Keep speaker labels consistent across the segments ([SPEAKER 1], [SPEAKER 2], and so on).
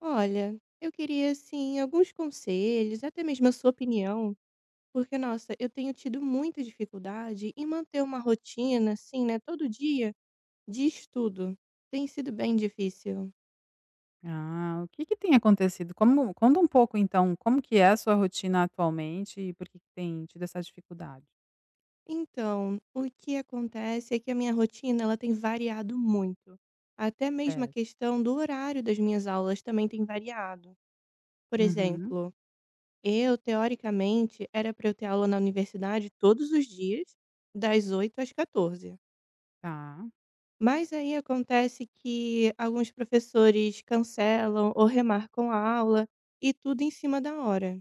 [SPEAKER 1] Olha, eu queria, assim, alguns conselhos, até mesmo a sua opinião, porque, nossa, eu tenho tido muita dificuldade em manter uma rotina assim, né, todo dia de estudo. Tem sido bem difícil.
[SPEAKER 2] Ah, o que que tem acontecido? Como conta um pouco então, como que é a sua rotina atualmente e por que que tem tido essa dificuldade.
[SPEAKER 1] Então, o que acontece é que a minha rotina, ela tem variado muito. Até mesmo a
[SPEAKER 2] Certo.
[SPEAKER 1] questão do horário das minhas aulas também tem variado. Por
[SPEAKER 2] Uhum.
[SPEAKER 1] exemplo, eu, teoricamente, era pra eu ter aula na universidade todos os dias, das 8h00 às 14h00.
[SPEAKER 2] Tá.
[SPEAKER 1] Mas aí acontece que alguns professores cancelam ou remarcam a aula e tudo em cima da hora.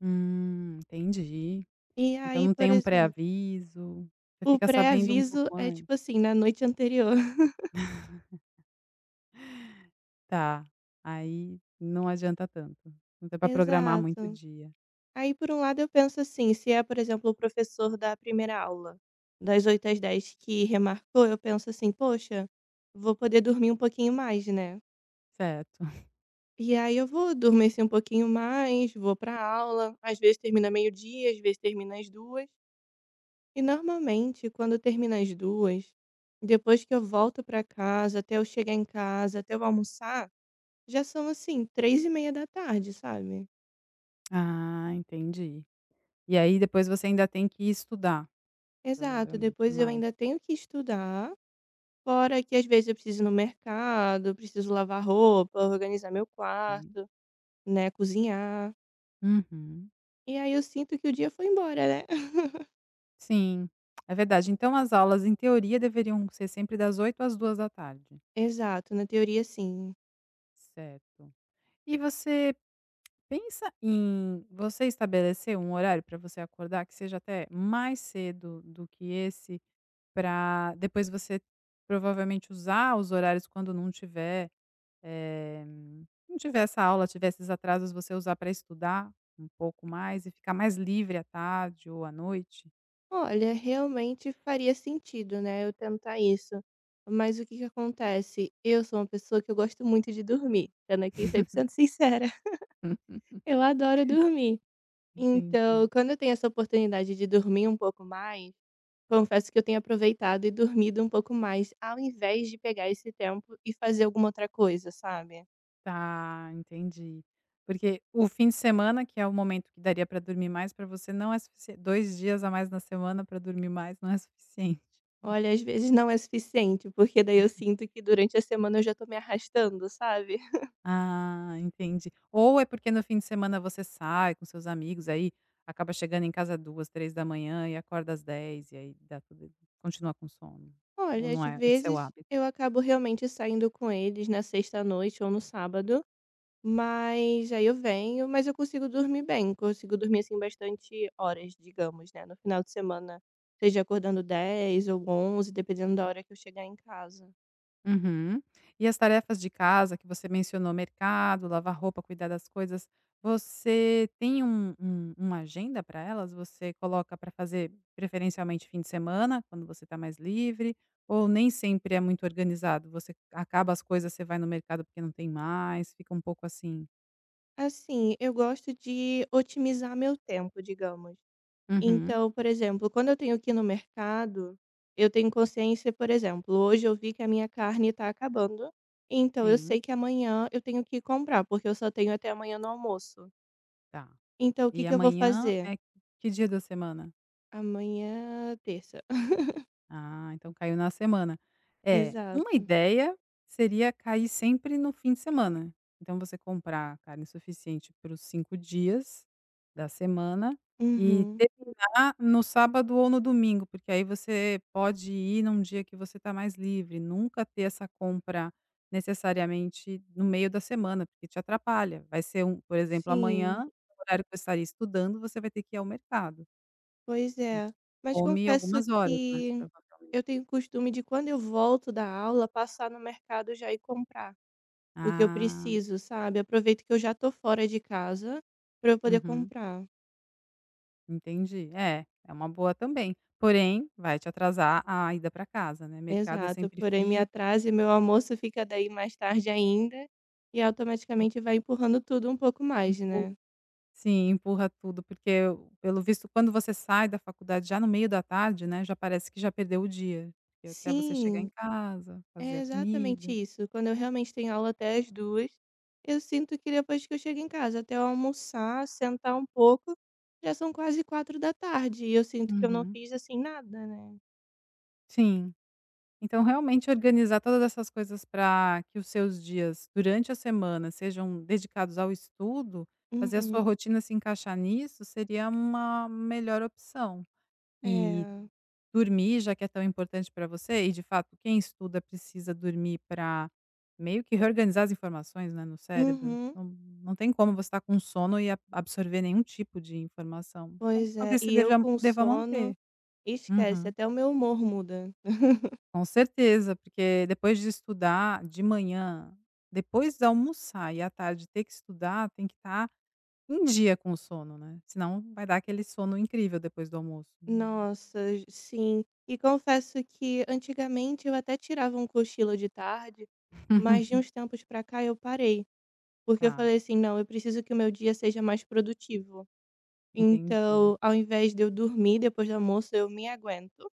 [SPEAKER 2] Hum, entendi.
[SPEAKER 1] E
[SPEAKER 2] Então
[SPEAKER 1] aí,
[SPEAKER 2] não
[SPEAKER 1] por
[SPEAKER 2] tem um
[SPEAKER 1] exemplo
[SPEAKER 2] pré-aviso, você
[SPEAKER 1] O
[SPEAKER 2] fica sabendo um
[SPEAKER 1] pré-aviso
[SPEAKER 2] pouco
[SPEAKER 1] é,
[SPEAKER 2] antes?
[SPEAKER 1] tipo, assim, na noite anterior.
[SPEAKER 2] Tá, aí não adianta tanto, não dá pra programar muito o
[SPEAKER 1] Exato.
[SPEAKER 2] dia.
[SPEAKER 1] Aí, por um lado, eu penso assim: se é, por exemplo, o professor da 1ª aula, das 8h00 às 10h00, que remarcou, eu penso assim: "Poxa, vou poder dormir um pouquinho mais, né".
[SPEAKER 2] Certo.
[SPEAKER 1] E aí eu vou dormir assim um pouquinho mais, vou pra aula, às vezes termina meio-dia, às vezes termina às 14h. E normalmente quando termina às 14h, depois que eu volto pra casa, até eu chegar em casa, até eu almoçar, já são, assim, 15:30 sabe?
[SPEAKER 2] Ah, entendi. E aí depois você ainda tem que estudar,
[SPEAKER 1] Exato,
[SPEAKER 2] provavelmente
[SPEAKER 1] depois eu
[SPEAKER 2] mais.
[SPEAKER 1] ainda tenho que estudar, fora que às vezes eu preciso ir no mercado, preciso lavar roupa, organizar meu
[SPEAKER 2] Sim.
[SPEAKER 1] quarto, né, cozinhar.
[SPEAKER 2] Uhum.
[SPEAKER 1] E aí eu sinto que o dia foi embora, né?
[SPEAKER 2] Sim, é verdade. Então as aulas, em teoria, deveriam ser sempre das 08:00 às 14:00
[SPEAKER 1] Exato, na teoria sim.
[SPEAKER 2] Certo. E você pensa em, você estabelecer um horário pra você acordar, que seja até mais cedo do que esse, pra depois você provavelmente usar os horários quando não tiver, eh, não tiver essa aula, tiver esses atrasos, você usar pra estudar um pouco mais e ficar mais livre à tarde ou à noite?
[SPEAKER 1] Olha, realmente faria sentido, né, eu tentar isso. Mas o que que acontece. Eu sou uma pessoa que eu gosto muito de dormir, sendo aqui cem por cento sincera. Eu adoro dormir. Então
[SPEAKER 2] Entendi.
[SPEAKER 1] quando eu tenho essa oportunidade de dormir um pouco mais, confesso que eu tenho aproveitado e dormido um pouco mais, ao invés de pegar esse tempo e fazer alguma outra coisa, sabe?
[SPEAKER 2] Tá, entendi. Porque, o fim de semana, que é o momento que daria pra dormir mais pra você, não é sufi 2 dias a mais na semana pra dormir mais, não é suficiente.
[SPEAKER 1] Olha, às vezes não é suficiente, porque daí eu sinto que durante a semana eu já tô me arrastando, sabe?
[SPEAKER 2] Ah, entendi. Ou é porque no fim de semana você sai com seus amigos, aí acaba chegando em casa 2:00, 3:00 e acorda às 10:00 e aí dá tudo continua com sono, ou
[SPEAKER 1] Olha, às
[SPEAKER 2] não é, esse seu
[SPEAKER 1] vezes
[SPEAKER 2] hábito?
[SPEAKER 1] eu acabo realmente saindo com eles na sexta à noite ou no sábado, mas aí eu venho, mas eu consigo dormir bem, consigo dormir assim bastante horas, digamos, né, no final de semana, seja acordando 10:00 ou 11:00, dependendo da hora que eu chegar em casa.
[SPEAKER 2] Uhum. E as tarefas de casa que você mencionou, mercado, lavar roupa, cuidar das coisas, você tem um um uma agenda para elas? Você coloca para fazer preferencialmente fim de semana, quando você está mais livre, ou nem sempre é muito organizado? Você acaba as coisas, você vai no mercado porque não tem mais, fica um pouco assim?
[SPEAKER 1] Assim, eu gosto de otimizar meu tempo, digamos.
[SPEAKER 2] Uhum.
[SPEAKER 1] Então, por exemplo, quando eu tenho que ir no mercado, eu tenho consciência, por exemplo, hoje eu vi que a minha carne tá acabando, então eu
[SPEAKER 2] Sim.
[SPEAKER 1] sei que amanhã eu tenho que ir comprar, porque eu só tenho até amanhã no almoço.
[SPEAKER 2] Tá.
[SPEAKER 1] Então o que
[SPEAKER 2] E
[SPEAKER 1] que eu vou
[SPEAKER 2] amanhã
[SPEAKER 1] fazer?
[SPEAKER 2] é que dia da semana?
[SPEAKER 1] Amanhã, terça.
[SPEAKER 2] Ah, então caiu na semana. É, uma
[SPEAKER 1] Exato.
[SPEAKER 2] ideia seria cair sempre no fim de semana. Então você comprar carne suficiente para os 5 dias da semana e
[SPEAKER 1] Uhum.
[SPEAKER 2] terminar no sábado ou no domingo, porque aí você pode ir num dia que você está mais livre, nunca ter essa compra necessariamente no meio da semana, porque te atrapalha. Vai ser um por exemplo,
[SPEAKER 1] Sim.
[SPEAKER 2] amanhã, o horário que você estaria estudando, você vai ter que ir ao mercado.
[SPEAKER 1] Pois
[SPEAKER 2] E
[SPEAKER 1] é, mas
[SPEAKER 2] come
[SPEAKER 1] confesso
[SPEAKER 2] algumas horas, né,
[SPEAKER 1] que
[SPEAKER 2] provavelmente.
[SPEAKER 1] eu tenho costume de quando eu volto da aula, passar no mercado já e comprar o que eu
[SPEAKER 2] Ah.
[SPEAKER 1] preciso, sabe. Aproveito que eu já tô fora de casa para eu poder
[SPEAKER 2] Uhum.
[SPEAKER 1] comprar.
[SPEAKER 2] Entendi. É, é uma boa também, porém vai te atrasar a ida pra casa, né. Mercado é
[SPEAKER 1] Exato,
[SPEAKER 2] sempre
[SPEAKER 1] porém me
[SPEAKER 2] fi
[SPEAKER 1] atrasa e meu almoço fica daí mais tarde ainda, e automaticamente vai empurrando tudo um pouco mais,
[SPEAKER 2] Empurra,
[SPEAKER 1] né.
[SPEAKER 2] sim, empurra tudo, porque pelo visto quando você sai da faculdade já no meio da tarde, né, já parece que já perdeu o dia, porque até você chegar em
[SPEAKER 1] Sim,
[SPEAKER 2] casa, fazer
[SPEAKER 1] é
[SPEAKER 2] a
[SPEAKER 1] exatamente
[SPEAKER 2] comida.
[SPEAKER 1] isso. Quando eu realmente tenho aula até às 14h00 eu sinto que depois que eu chego em casa, até eu almoçar, sentar um pouco, já são quase 16h00 e eu sinto que eu não
[SPEAKER 2] Uhum.
[SPEAKER 1] fiz assim nada, né.
[SPEAKER 2] Sim. Então realmente organizar todas essas coisas para que os seus dias durante a semana sejam dedicados ao estudo, fazer a sua
[SPEAKER 1] Uhum.
[SPEAKER 2] rotina se encaixar nisso, seria uma melhor opção. E
[SPEAKER 1] É.
[SPEAKER 2] dormir, já que é tão importante para você, e de fato, quem estuda precisa dormir para meio que reorganizar as informações, né, no cérebro.
[SPEAKER 1] Uhum.
[SPEAKER 2] Não, não tem como você estar com sono e a absorver nenhum tipo de informação. Então
[SPEAKER 1] Pois é,
[SPEAKER 2] talvez você
[SPEAKER 1] e eu
[SPEAKER 2] deva,
[SPEAKER 1] com
[SPEAKER 2] deva manter.
[SPEAKER 1] sono, esquece,
[SPEAKER 2] Uhum.
[SPEAKER 1] até o meu humor muda.
[SPEAKER 2] Com certeza, porque depois de estudar de manhã, depois de almoçar e à tarde ter que estudar, tem que estar em dia com o sono, né, senão vai dar aquele sono incrível depois do almoço.
[SPEAKER 1] Nossa sim. E confesso que antigamente eu até tirava um cochilo de tarde, mas de uns tempos para cá eu parei, porque eu
[SPEAKER 2] Tá.
[SPEAKER 1] falei assim: "Não, eu preciso que o meu dia seja mais produtivo".
[SPEAKER 2] Entendi.
[SPEAKER 1] Então, ao invés de eu dormir depois do almoço, eu me aguento,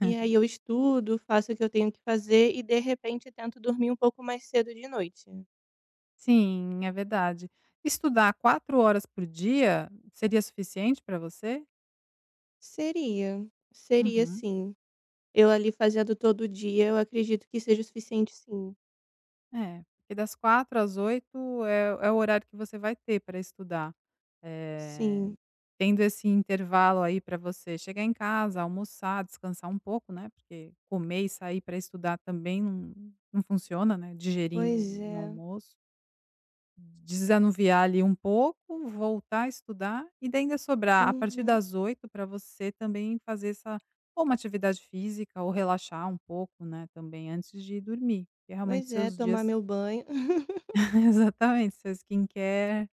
[SPEAKER 1] e aí eu estudo, faço o que eu tenho que fazer e de repente eu tento dormir um pouco mais cedo de noite.
[SPEAKER 2] Sim, é verdade. Estudar 4 horas por dia seria suficiente pra você?
[SPEAKER 1] Seria, seria
[SPEAKER 2] Uhum.
[SPEAKER 1] sim. Eu ali fazendo todo dia, eu acredito que seja o suficiente, sim.
[SPEAKER 2] É, porque das 16h às 20h é o é o horário que você vai ter pra estudar. Eh,
[SPEAKER 1] Sim.
[SPEAKER 2] tendo esse intervalo aí pra você chegar em casa, almoçar, descansar um pouco, né? Porque comer e sair pra estudar também num num funciona, né, digerindo
[SPEAKER 1] Pois
[SPEAKER 2] um
[SPEAKER 1] é.
[SPEAKER 2] almoço. Desanuviar ali um pouco, voltar a estudar e daí ainda sobrar, a partir
[SPEAKER 1] Uhum.
[SPEAKER 2] das 20h pra você também fazer essa ou uma atividade física ou relaxar um pouco, né, também antes de dormir, que é realmente
[SPEAKER 1] Pois é,
[SPEAKER 2] seus dias
[SPEAKER 1] tomar meu banho.
[SPEAKER 2] Exatamente, seus Skin Care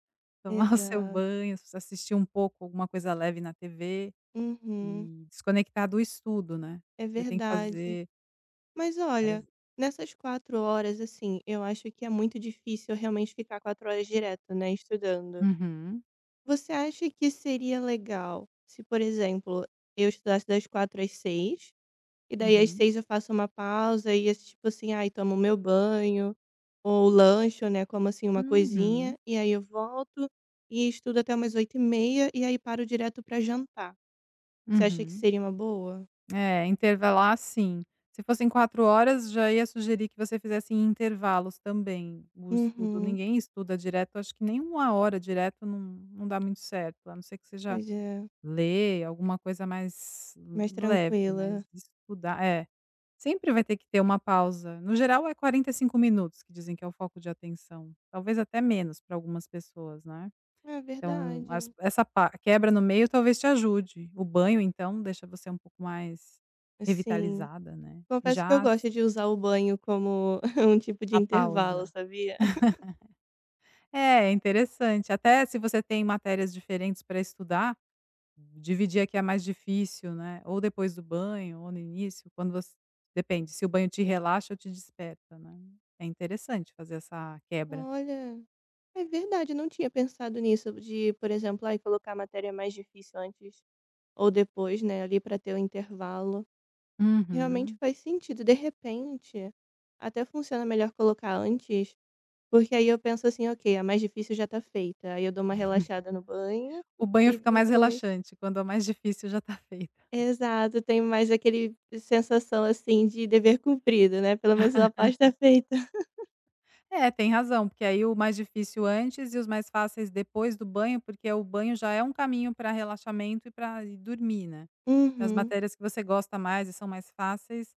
[SPEAKER 2] tomar o seu
[SPEAKER 1] Exato.
[SPEAKER 2] banho, assistir um pouco alguma coisa leve na TV
[SPEAKER 1] Uhum.
[SPEAKER 2] e desconectar do estudo, né?
[SPEAKER 1] É
[SPEAKER 2] Você tem que
[SPEAKER 1] verdade.
[SPEAKER 2] fazer
[SPEAKER 1] Mas olha,
[SPEAKER 2] várias
[SPEAKER 1] nessas 4 horas, assim, eu acho que é muito difícil realmente ficar quatro horas direto, né, estudando.
[SPEAKER 2] Uhum.
[SPEAKER 1] Você acha que seria legal se, por exemplo, eu estudasse das 16h às 18h, e daí às
[SPEAKER 2] Uhum.
[SPEAKER 1] 18h eu faço uma pausa, e esse tipo assim, aí tomo meu banho ou lanche, né, como assim uma coisinha,
[SPEAKER 2] Uhum.
[SPEAKER 1] e aí eu volto e estudo até umas 20h30, e aí paro direto pra jantar. Você acha que
[SPEAKER 2] Uhum.
[SPEAKER 1] seria uma boa?
[SPEAKER 2] É, intervalar sim. Se fossem 4 horas, já ia sugerir que você fizesse em intervalos também no estudo.
[SPEAKER 1] Uhum.
[SPEAKER 2] Ninguém estuda direto, acho que nem 1 hora direto num num dá muito certo, a não ser que seja
[SPEAKER 1] Pois é.
[SPEAKER 2] ler alguma coisa mais
[SPEAKER 1] Mais
[SPEAKER 2] u leve,
[SPEAKER 1] tranquila.
[SPEAKER 2] mas estudar É, sempre vai ter que ter uma pausa. No geral, é 45 minutos que dizem que é o foco de atenção, talvez até menos pra algumas pessoas, né.
[SPEAKER 1] É
[SPEAKER 2] Então, as
[SPEAKER 1] verdade.
[SPEAKER 2] essa pa quebra no meio talvez te ajude. O banho, então, deixa você um pouco mais
[SPEAKER 1] Sim.
[SPEAKER 2] revitalizada, né. E
[SPEAKER 1] Confesso que eu
[SPEAKER 2] já
[SPEAKER 1] gosto de usar o banho como um tipo de
[SPEAKER 2] A
[SPEAKER 1] intervalo,
[SPEAKER 2] pausa.
[SPEAKER 1] sabia?
[SPEAKER 2] É, interessante, até se você tem matérias diferentes pra estudar, dividir a que é mais difícil, né. Ou depois do banho ou no início, quando você depende, se o banho te relaxa ou te desperta, né? É interessante fazer essa quebra.
[SPEAKER 1] Olha, é verdade, não tinha pensado nisso, de eh, por exemplo, ai, colocar a matéria mais difícil antes ou depois, né, ali pra ter o intervalo. Realmente
[SPEAKER 2] Uhum.
[SPEAKER 1] faz sentido. De repente, até funciona melhor colocar antes, porque aí eu penso assim: "Ok, a mais difícil já tá feita". Aí eu dou uma relaxada no banho
[SPEAKER 2] O banho
[SPEAKER 1] e
[SPEAKER 2] fica mais
[SPEAKER 1] depois
[SPEAKER 2] relaxante quando a mais difícil já tá feita.
[SPEAKER 1] Exato, tenho mais aquele sensação assim de dever cumprido, né. Pelo menos minha parte tá feita.
[SPEAKER 2] É, tem razão, porque aí o mais difícil antes e os mais fáceis depois do banho, porque o banho já é um caminho pra relaxamento e pra ir dormir, né. As
[SPEAKER 1] Uhum.
[SPEAKER 2] matérias que você gosta mais e são mais fáceis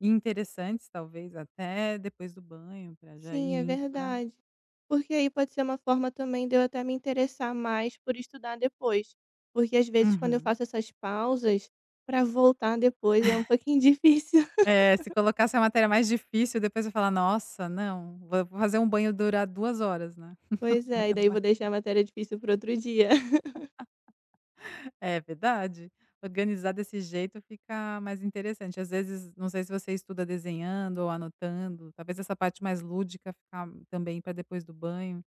[SPEAKER 2] e interessantes, talvez até depois do banho, pra já ir
[SPEAKER 1] Sim, é
[SPEAKER 2] indo pra
[SPEAKER 1] verdade, porque aí pode ser uma forma também de eu até me interessar mais por estudar depois, porque às vezes quando eu
[SPEAKER 2] Uhum.
[SPEAKER 1] faço essas pausas, pra voltar depois é um pouquinho difícil.
[SPEAKER 2] É, se colocar essa matéria mais difícil, depois vai falar: "Nossa, não, vo-vou fazer um banho durar duas horas, né?"
[SPEAKER 1] Pois
[SPEAKER 2] O
[SPEAKER 1] é,
[SPEAKER 2] banho
[SPEAKER 1] e
[SPEAKER 2] é
[SPEAKER 1] daí
[SPEAKER 2] uma
[SPEAKER 1] vou deixar a matéria difícil pro outro dia.
[SPEAKER 2] É verdade, organizar desse jeito fica mais interessante. Às vezes, não sei se você estuda desenhando ou anotando, talvez essa parte mais lúdica ficar também ficar pra depois do banho,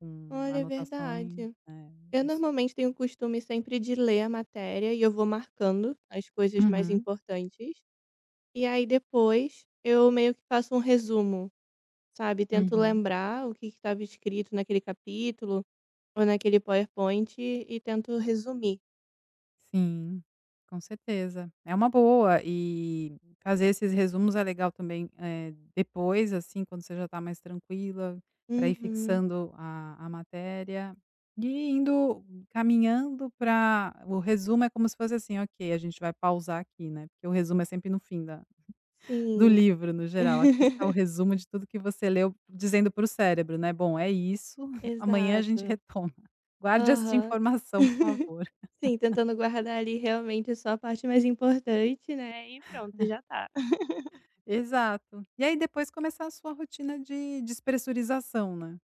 [SPEAKER 2] com
[SPEAKER 1] Olha, é
[SPEAKER 2] anotações.
[SPEAKER 1] verdade.
[SPEAKER 2] É
[SPEAKER 1] Eu
[SPEAKER 2] isso.
[SPEAKER 1] normalmente tenho o costume sempre de ler a matéria e eu vou marcando as coisas mais
[SPEAKER 2] Uhum.
[SPEAKER 1] importantes. E aí depois eu meio que faço um resumo, sabe? Tento
[SPEAKER 2] Uhum.
[SPEAKER 1] lembrar o que que tava escrito naquele capítulo ou naquele PowerPoint e tento resumir.
[SPEAKER 2] Sim, com certeza. É uma boa, eh, fazer esses resumos é legal também, é, depois, assim, quando você já tá mais tranquila, pra ir
[SPEAKER 1] Uhum.
[SPEAKER 2] fixando a a matéria e indo caminhando pra o resumo é como se fosse assim: "Ok, a gente vai pausar aqui, né." Porque o resumo é sempre no fim da, do
[SPEAKER 1] Sim.
[SPEAKER 2] livro, no geral. Aqui está o resumo de tudo que você leu di dizendo pro cérebro, né? "Bom, é isso, amanhã a gente
[SPEAKER 1] Exato.
[SPEAKER 2] retoma. Guarde esta
[SPEAKER 1] Aham.
[SPEAKER 2] informação, por favor".
[SPEAKER 1] Sim, tentando guardar ali realmente só a parte mais importante, né. E pronto, já tá.
[SPEAKER 2] Exato. E aí depois começar a sua rotina de despressurização, né.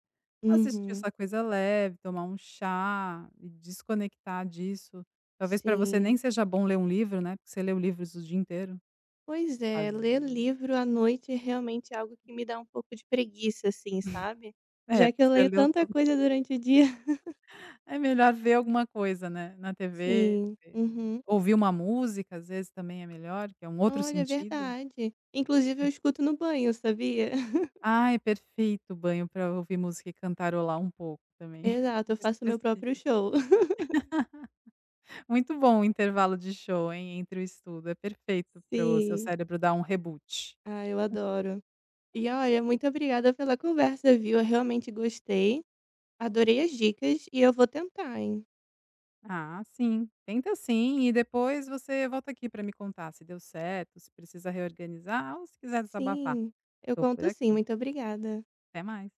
[SPEAKER 2] Assistir
[SPEAKER 1] Uhum.
[SPEAKER 2] essa coisa leve, tomar um chá e desconectar disso. Talvez pra você nem
[SPEAKER 1] Sim.
[SPEAKER 2] seja bom ler um livro, né. Porque você lê livros o dia inteiro.
[SPEAKER 1] Pois é, ler
[SPEAKER 2] Fazer
[SPEAKER 1] livro à noite realmente é algo que me dá um pouco de preguiça, assim, sabe.
[SPEAKER 2] É,
[SPEAKER 1] Já
[SPEAKER 2] porque
[SPEAKER 1] que eu
[SPEAKER 2] você
[SPEAKER 1] leio
[SPEAKER 2] leu
[SPEAKER 1] tanta
[SPEAKER 2] to
[SPEAKER 1] coisa durante o dia.
[SPEAKER 2] É melhor ver alguma coisa, né, na TV,
[SPEAKER 1] Sim, uhum.
[SPEAKER 2] ouvir uma música, às vezes também é melhor, que é um outro
[SPEAKER 1] Olha, é
[SPEAKER 2] sentido.
[SPEAKER 1] verdade. Inclusive eu escuto no banho, sabia?
[SPEAKER 2] Ai, perfeito, banho pra ouvir música e cantarolar um pouco também.
[SPEAKER 1] Exato, eu faço meu
[SPEAKER 2] Desestressi
[SPEAKER 1] próprio show.
[SPEAKER 2] Muito bom o intervalo de show, hein, entre o estudo, é perfeito pro seu
[SPEAKER 1] Sim.
[SPEAKER 2] cérebro dar um reboot.
[SPEAKER 1] Ah, eu adoro. E olha, muito obrigada pela conversa, viu? Eu realmente gostei. Adorei as dicas e eu vou tentar, hein?
[SPEAKER 2] Ah, sim, tenta sim, e depois você volta aqui pra me contar se deu certo, se precisa reorganizar ou se quiser desabafar,
[SPEAKER 1] Sim, eu
[SPEAKER 2] tô por
[SPEAKER 1] conto sim,
[SPEAKER 2] aqui.
[SPEAKER 1] muito obrigada.
[SPEAKER 2] Até mais.